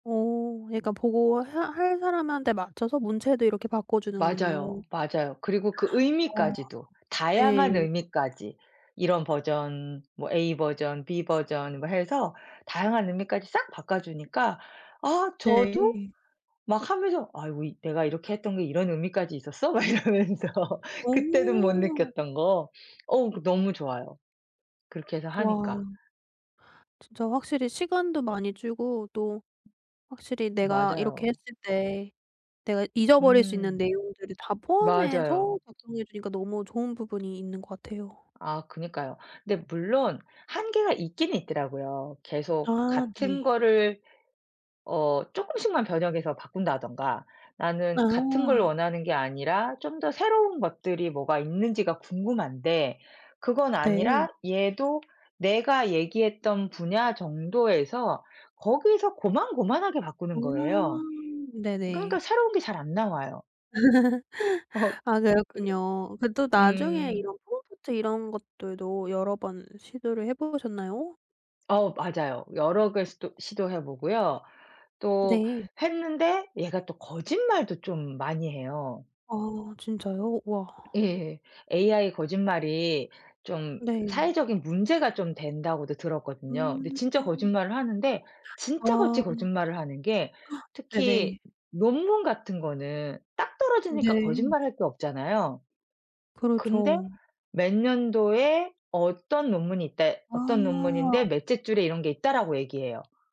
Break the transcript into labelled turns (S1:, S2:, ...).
S1: 오. 그러니까 보고 해 할 사람한테 맞춰서 문체도 이렇게
S2: 맞아요.
S1: 바꿔주는군요.
S2: 맞아요. 그리고 그
S1: 어.
S2: 의미까지도
S1: 네.
S2: 다양한 의미까지 이런 버전 뭐 A 버전 B 버전 뭐 해서 다양한 의미까지 싹 바꿔 주니까 아 저도
S1: 네.
S2: 막 하면서 '아이고 내가 이렇게 했던 게 이런 의미까지 있었어?' 막 이러면서 그때도 못
S1: 오.
S2: 느꼈던 거. 어우 너무 좋아요, 그렇게 해서 하니까.
S1: 와. 진짜 확실히 시간도 많이 줄고 또 확실히 내가 이렇게
S2: 맞아요.
S1: 했을 때 내가 잊어버릴 수 있는
S2: 음.
S1: 내용들을 다 포함해서
S2: 맞아요.
S1: 작성해 주니까 너무 좋은 부분이 있는 것 같아요.
S2: 아. 그니까요. 근데 물론 한계가 있긴 있더라고요. 계속
S1: 아.
S2: 같은
S1: 네.
S2: 거를 어 쪼끔씩만 변형해서 바꾼다든가 나는 같은 걸
S1: 아.
S2: 원하는 게 아니라 좀 더 새로운 것들이 뭐가 있는지가 궁금한데 그건
S1: 네.
S2: 아니라 얘도 내가 얘기했던 분야 정도에서 거기서 고만고만하게
S1: 아.
S2: 바꾸는 거예요. 그러니까
S1: 네네.
S2: 새로운 게 잘 안 나와요. 어
S1: 아
S2: 그
S1: 그렇군요. 그 또 나중에
S2: 음.
S1: 이런 프롬프트 이런 것들도 여러 번 시도를 해 보셨나요?
S2: 어. 맞아요. 여러 개 시도 시도해 보고요. 또
S1: 네.
S2: 했는데 얘가 또 거짓말도 좀 많이 해요.
S1: 아 진짜요? 우와.
S2: 예. AI 거짓말이 좀
S1: 네.
S2: 사회적인 문제가 좀 된다고도 들었거든요. 근데
S1: 음.
S2: 진짜 거짓말을 하는데 진짜
S1: 와.
S2: 같이 거짓말을 하는 게
S1: 네네.
S2: 특히 논문 같은 거는 딱 떨어지니까
S1: 네.
S2: 거짓말할 게 없잖아요. 근데
S1: 그렇죠.
S2: "몇 년도에 어떤 논문이 있다." "어떤 논문인데
S1: 아.
S2: 몇째 줄에 이런 게 있다."라고 얘기해요.